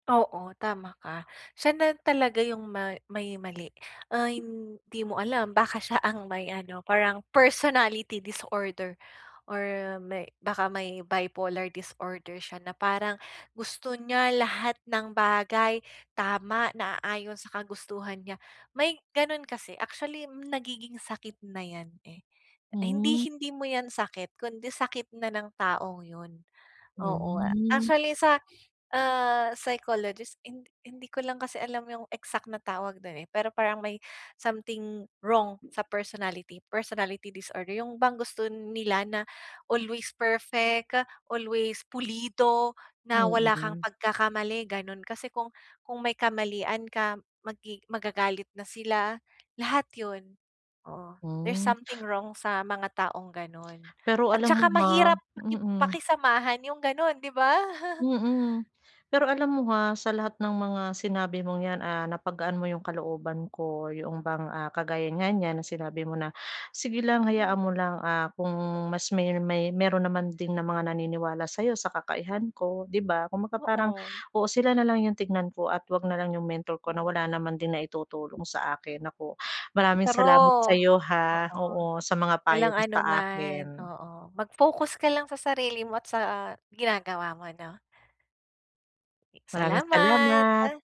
Oo, tama ka, siya na talaga yung ma may mali, ay hindi mo alam baka siya ang may ano parang personality disorder or may baka may bipolar disorder siya na parang gusto niya lahat ng bagay tama, naaayon sa kagustuhan niya. May gano'n kasi actually nagiging sakit na 'yan, eh, hindi Hmm. hindi mo 'yan sakit kundi sakit na ng taong yun. Oo Hmm. actually sa, ah, psychologist hin hindi ko lang kasi alam yung exact na tawag do'n, eh, pero parang may something wrong sa personality, personality disorder, yung bang gusto nila na always perfect, always pulido, na wala kang Mm. pagkakamali gano'n kasi kung kung may kamalian ka magi magagalit na sila lahat yun. Oo, there's Hmm. something wrong sa mga taong gano'n Pero at alam mo saka ba? mahirap paki Mm. pakisamahan yung gano'n, 'di ba? Mm. Pero alam mo ha, sa lahat ng mga sinabi mong 'yan, ah, napagaan mo 'yong kalooban ko 'yong bang, ah, kagaya nga niyan na sinabi mo na, "sige lang hayaan Hmm. mo lang, ah, kung mas may may mayro'n naman din ng mga naniniwala sa'yo sa kakayahan ko" 'di ba, kumbaga parang Oo. oo, sila na lang yung tignan ko at huwag na lang 'yong mentor ko na Hmm. wala naman din naitutulong sa akin, naku! Maraming salamat True, sa'yo, ha, oo. oo sa mga payo Walang mo sa anuman akin. oo, mag-focus ka lang sa sarili mo at sa ginagawa mo 'no. Maraming salamat. Salamat.